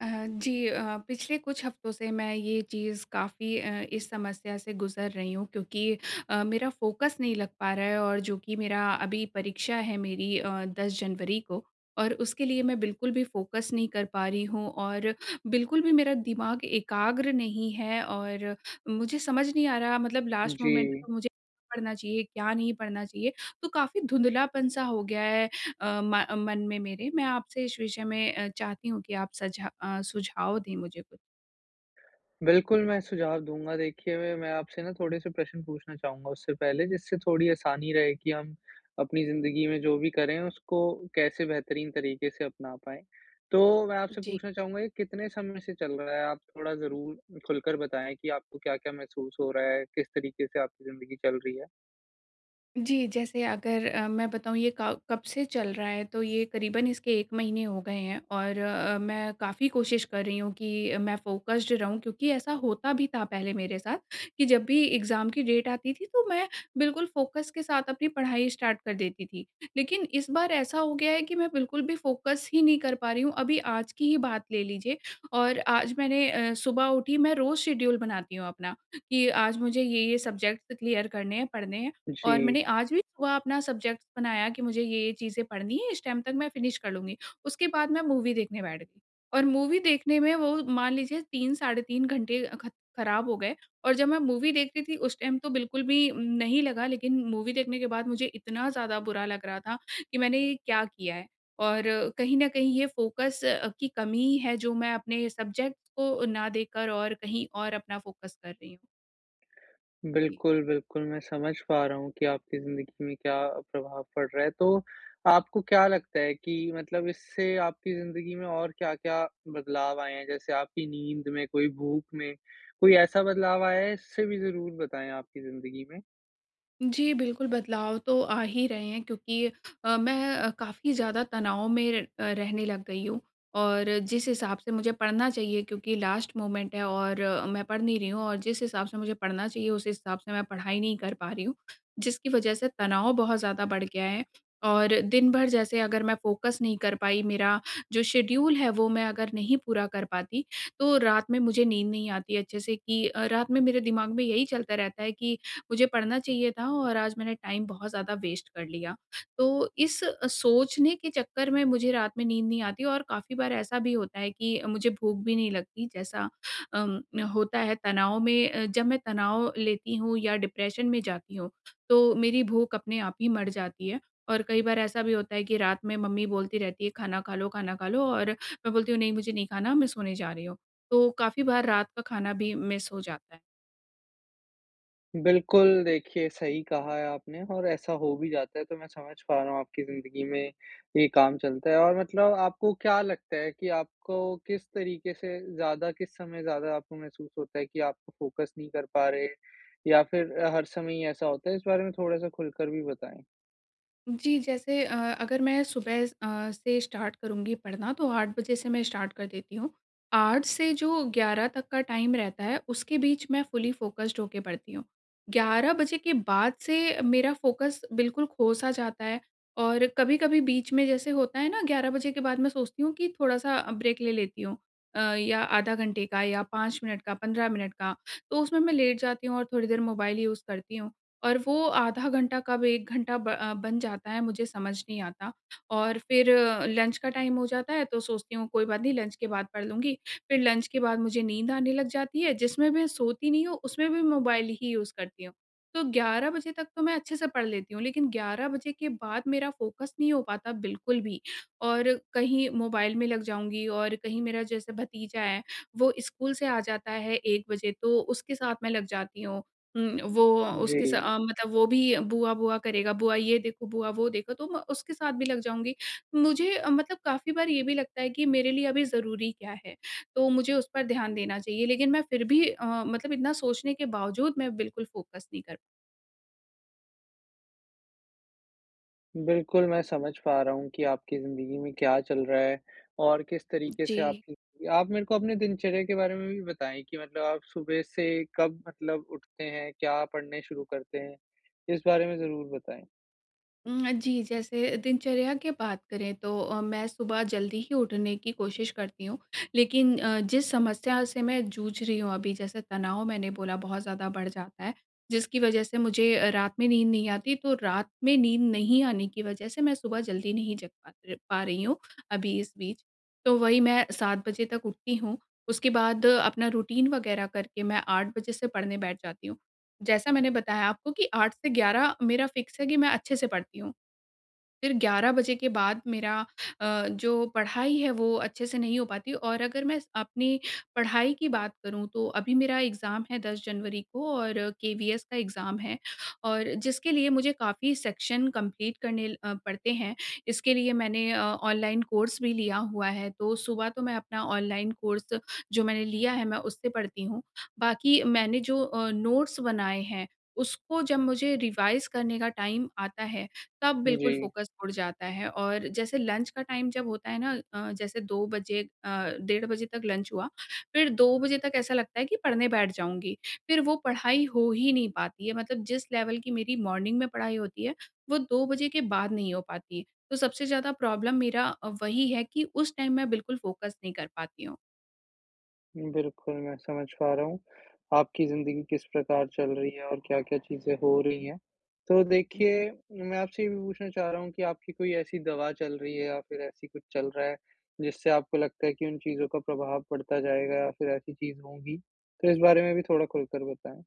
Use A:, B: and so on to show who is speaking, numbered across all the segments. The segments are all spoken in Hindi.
A: अ, जी अ, पिछले कुछ हफ्तों से मैं ये चीज़ काफ़ी अ, इस समस्या से गुज़र रही हूँ क्योंकि अ, मेरा फोकस नहीं लग पा रहा है और जो कि मेरा अभी परीक्षा है मेरी अ, 10 जनवरी को और उसके लिए मैं बिल्कुल भी फोकस नहीं कर पा रही हूँ, और बिल्कुल भी मेरा दिमाग एकाग्र नहीं है। और मुझे समझ नहीं आ रहा मतलब लास्ट मोमेंट
B: जी।
A: में मुझे क्या पढ़ना चाहिए, क्या नहीं पढ़ना चाहिए? तो काफ़ी धुंधलापन-सा हो गया है अ, म मन में मेरे। मैं आपसे इस विषय में अ, चाहती हूँ कि आप सझा अ, सुझाव दें मुझे कुछ?
B: बिल्कुल, मैं सुझाव दूँगा। देखिए मैं मैं आपसे ना थोड़े से प्रश्न पूछना चाहूँगा उससे पहले, जिससे थोड़ी आसानी रहे कि हम अपनी ज़िन्दगी में जो भी करें, उसको कैसे बेहतरीन तरीके से अपना पाएँ? तो मैं आपसे
A: जी।
B: पूछना चाहूँगा कि कितने समय से चल रहा है आप थोड़ा ज़रूर खुलकर बताएँ कि आपको क्या-क्या महसूस हो रहा है? किस तरीके से आपकी ज़िन्दगी चल रही है?
A: जी, जैसे अगर अ, मैं बताऊँ ये क कब से चल रहा है, तो ये करीबन इसके 1 महीने हो गए हैं, और अ, मैं काफ़ी कोशिश कर रही हूँ, कि अ, मैं फोकस्ड रहूँ। क्योंकि ऐसा होता भी था पहले मेरे साथ कि जब भी एग्ज़ाम की डेट आती थी, तो मैं बिल्कुल फोकस के साथ अपनी पढ़ाई स्टार्ट कर देती थी। लेकिन इस बार ऐसा हो गया है कि मैं बिल्कुल भी फोकस ही नहीं कर पा रही हूँ। अभी आज की ही बात ले लीजिए और आज मैंने अ, सुबह उठी मैं रोज़ शेड्यूल बनाती हूँ अपना, कि आज मुझे ये-ये सब्जेक्ट क्लियर करने हैं, पढ़ने हैं, और
B: जी।
A: मैंने आज भी सुबह अपना सब्जेक्ट बनाया कि मुझे ये-ये चीज़ें पढ़नी है, इस टाइम तक मैं फिनिश कर लूँगी। उसके बाद मैं मूवी देखने बैठ गई। और मूवी देखने में वो मान लीजिए 3 साढ़े 3 घंटे अ, खत ख़राब हो गए और जब मैं मूवी देखती थी उस टाइम तो बिल्कुल भी उम, नहीं लगा लेकिन मूवी देखने के बाद मुझे इतना ज़्यादा बुरा लग रहा था, कि मैंने ये क्या किया है? और कहीं न कहीं ये फोकस अ, की कमी है जो मैं अपने सब्जेक्ट को ना देकर और कहीं और अपना फोकस कर रही हूँ। जी।
B: बिल्कुल, बिल्कुल। मैं समझ पा रहा हूँ कि आपकी ज़िंदगी में क्या प्रभाव पड़ रहा है। तो आपको क्या लगता है कि मतलब इससे आपकी ज़िंदगी में और क्या-क्या बदलाव आएँ हैं, जैसे आपकी नींद में कोई भूख में, कोई ऐसा बदलाव आया है इससे भी ज़रूर बताएँ आपकी जिंदगी में?
A: जी बिल्कुल बदलाव तो आ ही रहे हैं क्योंकि अ, मैं अ, काफ़ी ज़्यादा तनाव में र अ, रहने लग गई हूँ। और जिस हिसाब से मुझे पढ़ना चाहिए क्योंकि लास्ट मोमेंट है और मैं पढ़ नहीं रही हूँ, और जिस हिसाब से मुझे पढ़ना चाहिए उस हिसाब से मैं पढ़ाई नहीं कर पा रही हूँ, जिसकी वजह से तनाव बहुत ज़्यादा बढ़ गया है। और दिन भर जैसे अगर मैं फ़ोकस नहीं कर पाई, मेरा जो शेड़्यूल है वो मैं अगर नहीं पूरा कर पाती तो, रात में मुझे नींद नहीं आती अच्छे से कि अ, रात में मेरे दिमाग में यही चलता रहता है कि मुझे पढ़ना चाहिए था और आज मैंने टाइम बहुत ज़्यादा वेस्ट कर लिया। तो इस अ, सोचने के चक्कर में मुझे रात में नींद नहीं आती और काफ़ी बार ऐसा भी होता है कि अ, मुझे भूख भी नहीं लगती, जैसा अ, होता है तनाव में अ, जब मैं तनाव लेती हूँ या डिप्रेशन में जाती हूँ, तो मेरी भूख अपने आप ही मर जाती है। और कई बार ऐसा भी होता है कि रात में मम्मी बोलती रहती है, "खाना खा लो खाना खा लो" और मैं बोलती हूँ नहीं मुझे नहीं खाना मैं सोने जा रही हूँ। तो काफ़ी बार रात का खाना भी मिस हो जाता है।
B: बिल्कुल, देखिए सही कहा है आपने और ऐसा हो भी जाता है, तो मैं समझ पा रहा हूँ, आपकी ज़िंदगी में ये काम चलता है। और मतलब आपको क्या लगता है कि आपको किस तरीक़े से ज़्यादा किस समय ज़्यादा आपको महसूस होता है, कि आप फ़ोकस नहीं कर पा रहे या फिर हर समय ही ऐसा होता है? इस बारे में थोड़ा सा खुलकर भी बताएँ।
A: जी। जैसे अ, अगर मैं सुबह अ, से स्टार्ट करुँगी पढ़ना तो 8 बजे से मैं स्टार्ट कर देती हूँ। 8 से जो 11 तक का टाइम रहता है, उसके बीच मैं फुली फ़ोकस्ड होके पढ़ती हूँ। 11 बजे के बाद से मेरा फ़ोकस बिल्कुल खो-सा जाता है और कभी-कभी बीच में जैसे होता है ना, 11 के बाद मैं सोचती हूँ कि थोड़ा-सा अ, ब्रेक ले लेती हूँ। अ, या आधा घंटे का या 5 मिनट का 15 मिनट का। तो उसमें मैं लेट जाती हूँ, और थोड़ी देर मोबाइल यूज़ करती हूँ। और वो आधा घंटा कब 1 घंटा ब अ, बन जाता है, मुझे समझ नहीं आता और फिर लंच का टाइम हो जाता है, तो सोचती हूँ, कोई बात नहीं, लंच के बाद पढ़ लूँगी। फिर लंच के बाद मुझे नींद आने लग जाती है। जिसमें भी मैं सोती नहीं हूँ, उसमें में मोबाइल ही यूज़ करती हूँ। तो 11 बजे तक तो मैं अच्छे से पढ़ लेती हूँ। लेकिन 11 बजे के बाद मेरा फ़ोकस नहीं हो पाता बिल्कुल भी। और कहीं मोबाइल में लग जाऊँगी और कहीं मेरा जैसे भतीजा है, वो स्कूल से आ जाता है 1 बजे तो उसके साथ मैं लग जाती हूँ। उम, वो अ, उसके स
B: जी।
A: अ, मतलब वो भी बुआ-बुआ करेगा, बुआ ये देखो, बुआ वो देखो, तो मैं उसके साथ भी लग जाऊँगी। मुझे अ, मतलब काफ़ी बार ये भी लगता है कि मेरे लिए अभी ज़रूरी क्या है? तो मुझे उस पर ध्यान देना चाहिए, लेकिन मैं फिर भी अ, मतलब इतना सोचने के बावजूद मैं बिल्कुल फ़ोकस नहीं कर
B: बिल्कुल, मैं समझ पा रहा हूँ कि आपकी ज़िंदगी में क्या चल रहा है और किस तरीके से
A: जी।
B: आपकी आप मेरे को अपने दिनचर्या के बारे में भी बताएँ कि मतलब आप सुबह से कब मतलब उठते हैं? क्या पढ़ने शुरू करते हैं? इस बारे में ज़रूर बताएँ।
A: अ, जी, जैसे दिनचर्या के बात करें, तो अ, मैं सुबह जल्दी ही उठने की कोशिश करती हूँ। लेकिन अ, जिस समस्या से मैं जूझ रही हूँ अभी, जैसे तनाव मैंने बोला, बहुत ज़्यादा बढ़ जाता है। जिसकी वजह से मुझे अ, रात में नींद नहीं आती, तो रात में नींद नहीं आने की वजह से मैं सुबह जल्दी नहीं जग पा र पा रही हूँ, अभी इस बीच। तो वही मैं 7 बजे तक उठती हूँ, उसके बाद अपना रुटीन वग़ैरह करके मैं 8 बजे से पढ़ने बैठ जाती हूँ। जैसा मैंने बताया आपको कि 8 से 11 मेरा फ़िक्स है कि मैं अच्छे से पढ़ती हूँ। फिर 11 बजे के बाद मेरा अ, जो पढ़ाई है, वो अच्छे से नहीं हो पाती और अगर मैं अपनी पढ़ाई की बात करूँ, तो अभी मेरा एग्ज़ाम है 10 जनवरी को और केवीएस का एग्ज़ाम है और जिसके लिए मुझे काफ़ी सेक्शन कम्प्लीट करने अ, पड़ते हैं। इसके लिए मैंने अ, ऑनलाइन कोर्स भी लिया हुआ है। तो सुबह तो मैं अपना ऑनलाइन कोर्स जो मैंने लिया है, मैं उससे पढ़ती हूँ। बाकी मैंने जो अ, नोट्स बनाए हैं, उसको जब मुझे रिवाइज़ करने का टाइम आता है, तब बिल्कुल
B: जी।
A: फ़ोकस उड़ जाता है और जैसे लंच का टाइम जब होता है ना अ, जैसे 2 बजे अ, डेढ़ बजे तक लंच हुआ। फिर 2 बजे तक ऐसा लगता है कि पढ़ने बैठ जाऊँगी। फिर वो पढ़ाई हो ही नहीं पाती है मतलब जिस लेवल की मेरी मॉर्निंग में पढ़ाई होती है, वो 2 बजे के बाद नहीं हो पाती। तो सबसे ज़्यादा प्रॉब्लम मेरा अ, वही है कि उस टाइम मैं बिल्कुल फ़ोकस नहीं कर पाती हूँ।
B: बिल्कुल, मैं समझ पा रहा हूँ। आपकी ज़िंदगी किस प्रकार चल रही है और क्या-क्या चीज़ें हो रही हैं। तो
A: जी।
B: देखिए मैं आपसे ये भी पूछना चाह रहा हूँ कि आपकी कोई ऐसी दवा चल रही है या फिर ऐसी कुछ चल रहा है, जिससे आपको लगता है कि उन चीज़ों का प्रभाव पड़ता जाएगा? या फिर ऐसी चीज़ होंगी, तो इस बारे में भी थोड़ा खुलकर बताएँ?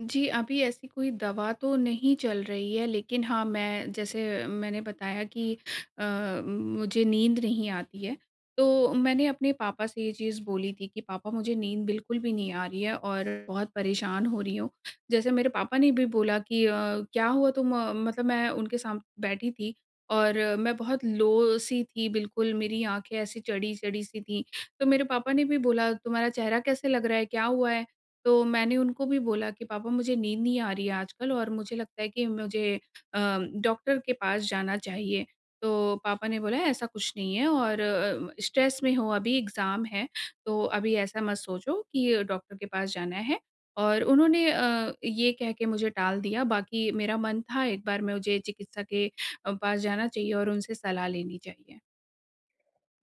A: जी, अभी ऐसी कोई दवा तो नहीं चल रही है। लेकिन हाँ, मैं जैसे मैंने बताया कि अ, मुझे नींद नहीं आती है, तो मैंने अपने पापा से ये चीज़ बोली थी कि, "पापा मुझे नींद बिल्कुल भी नहीं आ रही है और बहुत परेशान हो रही हूँ।" जैसे मेरे पापा ने भी बोला कि अ, क्या हुआ तुम अ, मतलब मैं उनके सामने बैठी थी और मैं बहुत लो सी थी बिल्कुल मेरी आँखें ऐसी चढ़ी-चढ़ी सी थी। तो मेरे पापा ने भी बोला, "तुम्हारा चेहरा कैसे लग रहा है, क्या हुआ है?" तो मैंने उनको भी बोला कि, "पापा मुझे नींद नहीं आ रही है आजकल और मुझे लगता है कि मुझे अ, डॉक्टर के पास जाना चाहिए।" तो पापा ने बोला, "ऐसा कुछ नहीं है और उम, स्ट्रेस में हो अभी एग्जाम है, तो अभी ऐसा मत सोचो कि डॉक्टर के पास जाना है।" और उन्होंने अ, ये कह के मुझे टाल दिया, बाकी मेरा मन था एक बार मुझे चिकित्सा के अ, पास जाना चाहिए और उनसे सलाह लेनी चाहिए।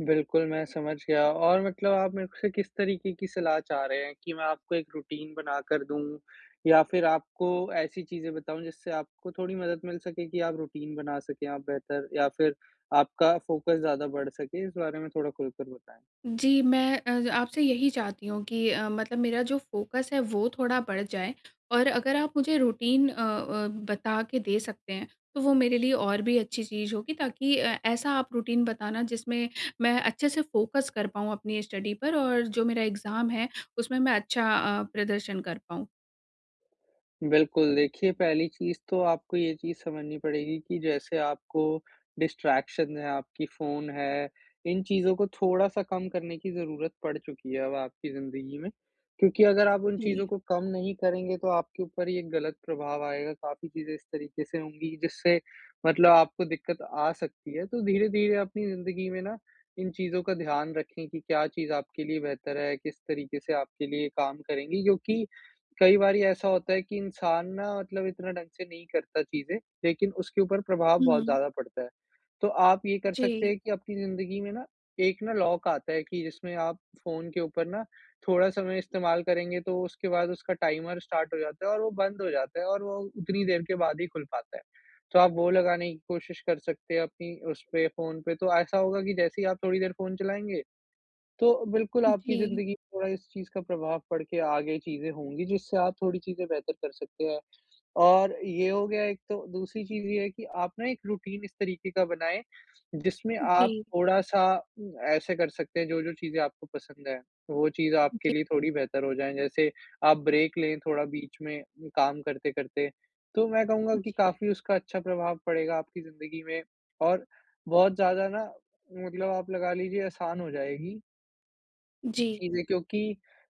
B: बिल्कुल, मैं समझ गया और मतलब आप मेरे से किस तरीके की सलाह चाह रहे हैं, कि मैं आपको एक रूटीन बना कर दूँ या फिर आपको ऐसी चीज़ें बताऊँ जिससे आपको थोड़ी मदद मिल सके कि आप रूटीन बना सकें? आप बेहतर या फिर आपका फोकस ज़्यादा बढ़ सके? इस बारे में थोड़ा खुलकर बताएँ?
A: जी, मैं अ, आपसे यही चाहती हूँ कि अ, मतलब मेरा जो फोकस है वो थोड़ा बढ़ जाए। और अगर आप मुझे रूटीन अ अ, बता के दे सकते हैं, तो वो मेरे लिए और भी अच्छी चीज़ होगी ताकि अ, ऐसा आप रूटीन बताना जिसमें मैं अच्छे से फोकस कर पाऊँ अपनी स्टडी पर और जो मेरा एग्ज़ाम है उसमें मैं अच्छा अ, प्रदर्शन कर पाऊँ।
B: बिल्कुल, देखिए पहली चीज़ तो आपको ये चीज़ समझनी पड़ेगी कि जैसे आपको डिस्ट्रैक्शन है, आपकी फ़ोन है। इन चीज़ों को थोड़ा-सा कम करने की ज़रूरत पड़ चुकी है अब आपकी ज़िंदगी में। क्योंकि अगर आप उन चीज़ों
A: जी।
B: को कम नहीं करेंगे तो आपके ऊपर ही एक गलत प्रभाव आएगा। काफ़ी चीज़ें इस तरीके से होंगी कि जिससे मतलब आपको दिक्कत आ सकती है। तो धीरे-धीरे अपनी ज़िंदगी में ना इन चीज़ों का ध्यान रखें कि क्या चीज़ आपके लिए बेहतर है किस तरीके से आपके लिए काम करेंगी? क्योंकि कई बारी ऐसा होता है कि इंसान ना मतलब इतना ढ़ंग से नहीं करता चीज़ें लेकिन उसके ऊपर प्रभाव बहुत
A: हुँ।
B: ज़्यादा पड़ता है। तो आप ये कर सकते
A: जी।
B: है कि अपनी ज़िंदगी में ना एक ना लॉक आता है कि जिसमें आप फ़ोन के ऊपर ना थोड़ा समय इस्तेमाल करेंगे, तो उसके बाद उसका टाइमर स्टार्ट हो जाता है और वो बंद हो जाता है और वो उतनी देर के बाद ही खुल पाता है। तो आप वो लगाने की कोशिश कर सकते हैं अपनी उसपे फ़ोन पे। तो ऐसा होगा कि जैसे ही आप थोड़ी देर फ़ोन चलाएँगे तो बिल्कुल
A: उम,
B: आपकी
A: जी।
B: ज़िंदगी में थोड़ा इस चीज़ का प्रभाव पड़ के आगे चीज़ें होंगी जिससे आप थोड़ी चीज़ें बेहतर कर सकते हैं। और ये हो गया एक तो। दूसरी चीज़ ये है कि आपने एक रूटीन इस तरीके का बनाएँ जिसमें आप
A: जी।
B: थोड़ा-सा उम, ऐसे कर सकते हैं जो-जो चीज़ें आपको पसंद हैं, वो चीज़ आपके
A: जी।
B: लिए थोड़ी बेहतर हो जाएँ। जैसे आप ब्रेक लें थोड़ा बीच में काम करते-करते। तो मैं कहूँगा कि
A: जी।
B: काफ़ी उसका अच्छा प्रभाव पड़ेगा आपकी ज़िंदगी में और बहुत ज़्यादा ना मतलब आप लगा लीजिए आसान हो जाएगी।
A: जी।
B: चीजें क्योंकि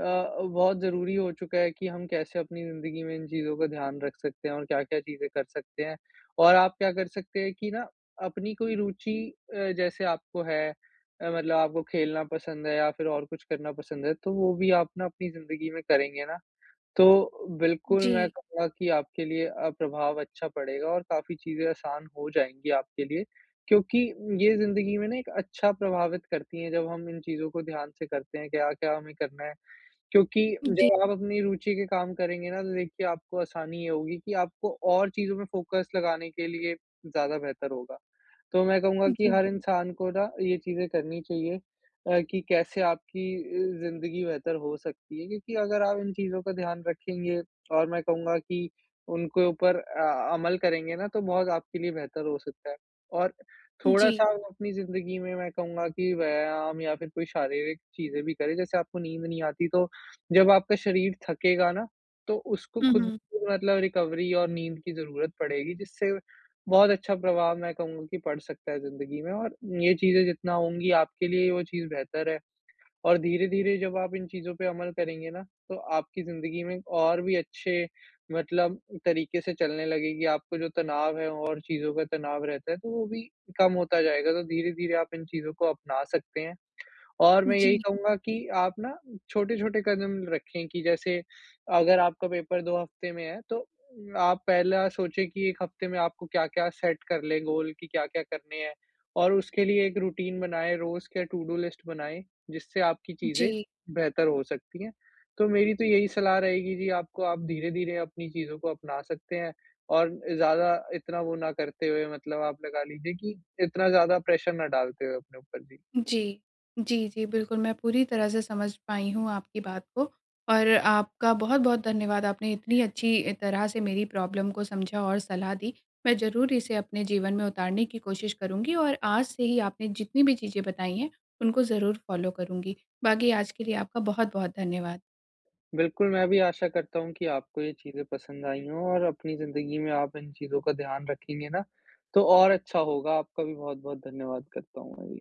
B: अ अ, बहुत ज़रूरी हो चुका है कि हम कैसे अपनी ज़िंदगी में इन चीज़ों का ध्यान रख सकते हैं। और क्या-क्या चीज़ें कर सकते हैं और आप क्या कर सकते हैं, कि ना अपनी कोई रूचि अ, जैसे आपको है अ, मतलब आपको खेलना पसंद है या फ़िर और कुछ करना पसंद है, तो वो भी आप ना अपनी ज़िंदगी में करेंगे ना, तो बिल्कुल मैं
A: जी।
B: कहूँगा कि आपके लिए अ, प्रभाव अच्छा पड़ेगा और काफ़ी चीज़ें आसान हो जाएँगी आपके लिए। क्योंकि ये ज़िंदगी में ना एक अच्छा प्रभावित करती हैं जब हम इन चीज़ों को ध्यान से करते हैं क्या-क्या हमें करना है। क्योंकि
A: जी।
B: जब आप अपनी रूचि के काम करेंगे ना तो देखिए आपको आसानी ये होगी कि आपको और चीज़ों में फ़ोकस लगाने के लिए ज़्यादा बेहतर होगा। तो मैं कहूँगा कि
A: जी।
B: हर इंसान को ना ये चीज़ें करनी चाहिए अ, कि कैसे आपकी अ, ज़िंदगी बेहतर हो सकती है। क्योंकि अगर आप इन चीज़ों का ध्यान रखेंगे और मैं कहूँगा कि उनके ऊपर अ अमल करेंगे ना तो बहुत आपके लिए बेहतर हो सकता है और थोड़ा-सा
A: जी।
B: वो अपनी ज़िंदगी में मैं कहूँगा कि व्यायाम या फ़िर कोई शारीरिक चीज़ें भी करें। जैसे आपको नींद नहीं आती तो जब आपका शरीर थकेगा ना, तो उसको
A: हुँ,
B: ख़ुद
A: हुँ।
B: मतलब रिकवरी और नींद की ज़रूरत पड़ेगी। जिससे बहुत अच्छा प्रभाव मैं कहूँगा कि पड़ सकता है ज़िंदगी में और ये चीज़ें जितना होंगी आपके लिए वो चीज़ बेहतर है। और धीरे-धीरे जब आप इन चीज़ों पे अमल करेंगे ना तो आपकी ज़िंदगी में और भी अच्छे मतलब तरीके से चलने लगेगी। आपको जो तनाव है और चीज़ों का तनाव रहता है तो वो भी कम होता जाएगा, तो धीरे-धीरे आप इन चीज़ों को अपना सकते हैं। और मैं यही
A: जी।
B: कहूँगा कि आप ना छोटे-छोटे कदम रखें कि जैसे अगर आपका पेपर 2 हफ़्ते में है तो उम, आप पहला सोचें कि 1 हफ़्ते में आपको क्या-क्या सेट कर लें गोल कि क्या-क्या करने हैं। और उसके लिए एक रूटीन बनाएँ रोज़ के टू-डू लिस्ट बनाएँ जिससे आपकी चीज़ें
A: जी।
B: बेहतर हो सकती हैं। तो मेरी तो यही सलाह रहेगी जी आपको आप धीरे-धीरे अपनी चीज़ों को अपना सकते हैं। और अ, ज़्यादा इतना वो ना करते हुए मतलब आप लगा लीजिए कि, इतना ज़्यादा प्रेशर ना डालते हुए अपने ऊपर। जी।
A: जी। जी, जी बिल्कुल मैं पूरी तरह से समझ पाई हूँ आपकी बात को और आपका बहुत-बहुत धन्यवाद आपने इतनी अच्छी तरह से मेरी प्रॉब्लम को समझा और सलाह दी। मैं ज़रूर इसे अपने जीवन में उतारने की कोशिश करूँगी और आज से ही आपने जितनी भी चीज़ें बताई हैं उनको ज़रूर फ़ॉलो करूँगी। बाकी आज के लिए आपका बहुत-बहुत धन्यवाद।
B: बिल्कुल मैं भी आशा करता हूँ कि आपको ये चीज़ें पसंद आयी हों और अपनी ज़िंदगी में आप इन चीज़ों का ध्यान रखेंगे ना तो और अच्छा होगा। आपका भी बहुत-बहुत धन्यवाद करता हूँ, मैं भी।